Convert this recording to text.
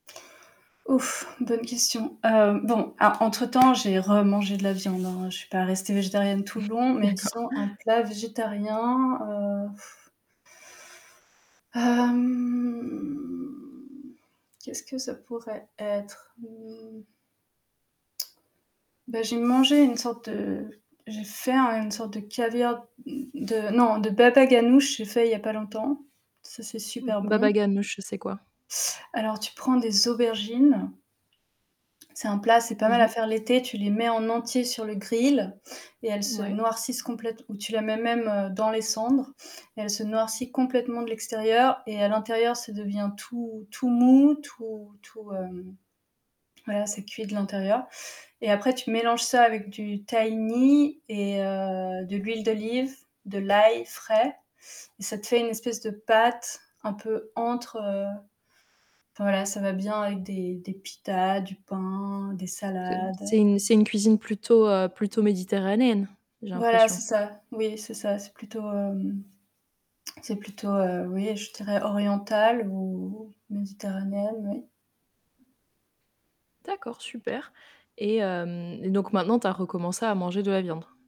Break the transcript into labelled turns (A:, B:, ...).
A: Ouf. Bonne question. Hem, bon, a entre temps, j'ai remangé de la viande, hein. Je suis pas restée végétarienne tout le long, mais
B: D'accord.
A: disons un plat végétarien, heu hem, qu'est-ce que ça pourrait être? Mmh. Bah, j'ai mangé une sorte de j'ai fait un une sorte de caviar de non, de babaganoush, j'ai fait il y a pas longtemps. Ça, c'est super
B: B
A: bon.
B: babaganoush, c'est quoi?
A: Alors tu prends des aubergines c'est un plat, c'est pas
B: Mmh
A: mal à
B: mh.
A: faire l'été. Tu les mets en entier sur le grill et elles se
B: Ouais.
A: noircissent complète ou tu la mets même, heu, dans les cendres, elle se noircit complètement de l'extérieur et à l'intérieur ça devient tout tout mou, tout tout, hem, voilà, c'est cuit de l'intérieur et après tu mélanges ça avec du tahini et heu, de l'huile d'olive, de l'ail frais et ça te fait une espèce de pâte un peu entre, heu, enfin voilà ça va bien avec des des pitas, du pain, des
B: C'est un
A: salades.
B: c'est une c'est une cuisine plutôt, heu, plutôt méditerranéenne, j'ai
A: Voilà
B: l'impression.
A: c'est ça. Oui, c'est ça, c'est plutôt, hem, c'est plutôt, heu, oui, je dirais orientale ou méditerranéenne, oui.
B: D'accord super et hem et donc maintenant tu as recommencé à manger de la viande.